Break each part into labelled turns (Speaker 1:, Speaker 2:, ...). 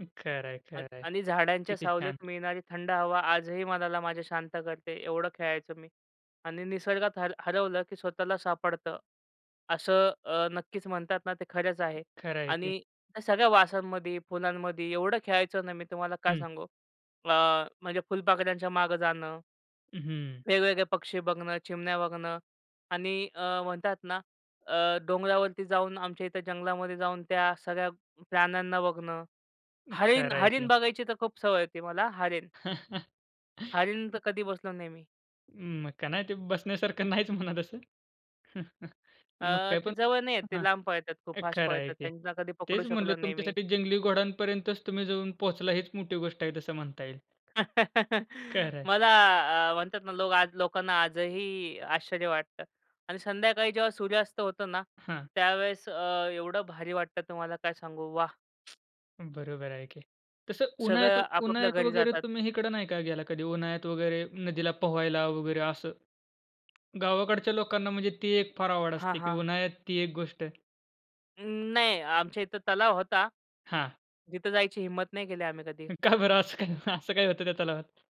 Speaker 1: खरं आहे,
Speaker 2: अन्
Speaker 1: खरं आहे.
Speaker 2: आणि झाडांच्या
Speaker 1: किती
Speaker 2: सावलीत
Speaker 1: छान!
Speaker 2: मिळणारी थंड हवा आजही मनाला माझ्या शांत करते, एवढं खेळायचो मी आणि निसर्गात हर हरवलं, की स्वतःला सापडतं असं, अ, नक्कीच म्हणतात ना, ते खरंच आहे
Speaker 1: खरं आहे की.
Speaker 2: आणि त्या सगळ्या वासांमध्ये फुलांमध्ये एवढं खेळायचं ना मी तुम्हाला काय
Speaker 1: हं.
Speaker 2: सांगू. अ, म्हणजे फुलपाख्यांच्या मागे जाणं.
Speaker 1: हं.
Speaker 2: वेगवेगळे पक्षी बघणं, चिमण्या बघणं आणि अ, म्हणतात ना, अ, डोंगरावरती जाऊन आमच्या इथे जंगलामध्ये जाऊन त्या सगळ्या प्राण्यांना बघणं,
Speaker 1: [unintelligible]
Speaker 2: हरीण
Speaker 1: खरं आहे
Speaker 2: हरीण
Speaker 1: की.
Speaker 2: बघायची तर खूप सवय होती मला हरीण. हरीण तर कधी बसलो नाही मी.
Speaker 1: अं, मग काय नाही ते बसण्यासारखं नाहीच म्हणा तसं. मग
Speaker 2: अ, ते
Speaker 1: त्यातून
Speaker 2: जवळ नाही येत, ते
Speaker 1: हां,
Speaker 2: लांब पळतात, खूप फास्ट
Speaker 1: खरं आहे
Speaker 2: पळतात.
Speaker 1: की.
Speaker 2: त्यांना कधी पकडू
Speaker 1: तेच म्हणलं
Speaker 2: शकलो नाही मी.
Speaker 1: तुमच्यासाठी जंगली घोड्यांपर्यंतच तुम्ही जाऊन पोहचला हीच मोठी गोष्ट आहे तसं म्हणता येईल. खरं आहे.
Speaker 2: मला अ, म्हणतात ना, लोक आज लोकांना आजही आश्चर्य वाटतं अन् संध्याकाळी जेव्हा सूर्यास्त होतो ना,
Speaker 1: हां.
Speaker 2: त्यावेळेस अ, एवढं भारी वाटतं तुम्हाला काय सांगू. वाह!
Speaker 1: बरोबर आहे की. तसं
Speaker 2: सगळं
Speaker 1: उन्हाळ्यात
Speaker 2: आपापल्या
Speaker 1: उन्हाळ्यात
Speaker 2: घरी
Speaker 1: वगैरे
Speaker 2: जातात.
Speaker 1: तुम्ही हिकडं नाही का गेला कधी, उन्हाळ्यात वगैरे नदीला पोहायला वगैरे असं. गावाकडच्या लोकांना म्हणजे ती एक फार आवड
Speaker 2: हां,
Speaker 1: असते, की
Speaker 2: हां.
Speaker 1: उन्हाळ्यात ती एक गोष्ट.
Speaker 2: अं, नाही. आमच्या इथं तलाव होता,
Speaker 1: हां.
Speaker 2: तिथं जायची हिंमत नाही केली आम्ही कधी.
Speaker 1: का बरं? असं काय असं काय होतं त्या तलावात?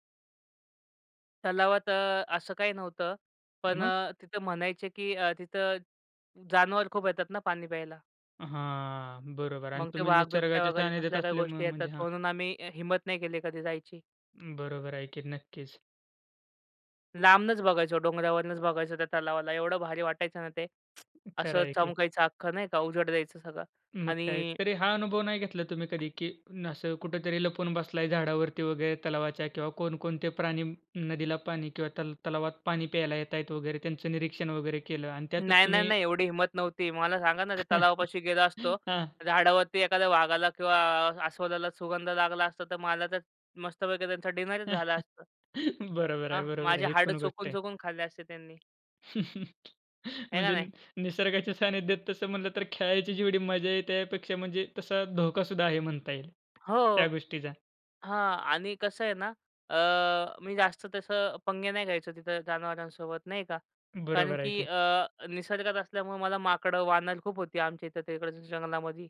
Speaker 2: तलावात अ, असं काही नव्हतं पण
Speaker 1: मग?
Speaker 2: अ, तिथं म्हणायचे, की अ, तिथं जानवर खूप येतात ना पाणी प्यायला.
Speaker 1: हां, बरोबर अन्
Speaker 2: मग ते
Speaker 1: तुम्ही
Speaker 2: वाघ, बिबट्या
Speaker 1: निसर्गाच्या
Speaker 2: वगैरे
Speaker 1: सानिध्यात
Speaker 2: कसल्या काही
Speaker 1: असल्यामुळे
Speaker 2: गोष्टी येतात
Speaker 1: म्हणजे हां.
Speaker 2: म्हणून आम्ही अ, हिम्मत नाही केली कधी जायची.
Speaker 1: बरोबर आहे की, नक्कीच.
Speaker 2: लांबूनच बघायचो, डोंगरावरनच बघायचो त्या तलावाला एवढं भारी वाटायचं ना ते.
Speaker 1: खरं
Speaker 2: असं
Speaker 1: आहे की.
Speaker 2: चमकायचं अख्खं नाही का उजड द्यायचं सगळं
Speaker 1: मग काय.
Speaker 2: आणि
Speaker 1: तरी हा अनुभव नाही घेतला तुम्ही कधी, की असं कुठेतरी लपून बसलाय झाडावरती वगैरे तलावाच्या किंवा कोण कोणते प्राणी न नदीला पाणी किंवा तल तलावात पाणी प्यायला येतायेत वगैरे, त्यांचं निरीक्षण वगैरे केलं आणि त्यातच
Speaker 2: नाही, नाही,
Speaker 1: तुम्ही
Speaker 2: नाही, एवढी हिंमत नव्हती. मला सांगा ना ते तलावापाशी गेलो असतो,
Speaker 1: हां.
Speaker 2: झाडावरती एखाद्या वाघाला किंवा अस्वलाला सुगंध लागला असता, तर मला तर मस्तपैकी त्यांचा डिनरच झाला असता.
Speaker 1: बरोबर
Speaker 2: हां,
Speaker 1: आहे, बरोबर
Speaker 2: माझे
Speaker 1: आहे. ही
Speaker 2: हाडं
Speaker 1: पण गोष्ट आहे.
Speaker 2: चोखून-चोखून खाल्ले असते त्यांनी. आहे का
Speaker 1: म्हणजे
Speaker 2: नाही.
Speaker 1: नि निसर्गाच्या सानिध्यात तसं म्हणलं, तर खेळायची जेवढी मजा आहे त्यापेक्षा म्हणजे तसा धोकासुद्धा आहे म्हणता येईल
Speaker 2: हो,
Speaker 1: त्या गोष्टीचा.
Speaker 2: हां आणि कसं आहे ना, अ, मी जास्त तसं पंगे नाही घ्यायचो तिथं जनावरांसोबत नाही का, कारण
Speaker 1: बरोबर आहे
Speaker 2: की
Speaker 1: की.
Speaker 2: अ, निसर्गात असल्यामुळे मला माकडं, वानर खूप होती आमच्या इथं तिकडच्या जंगलामधी.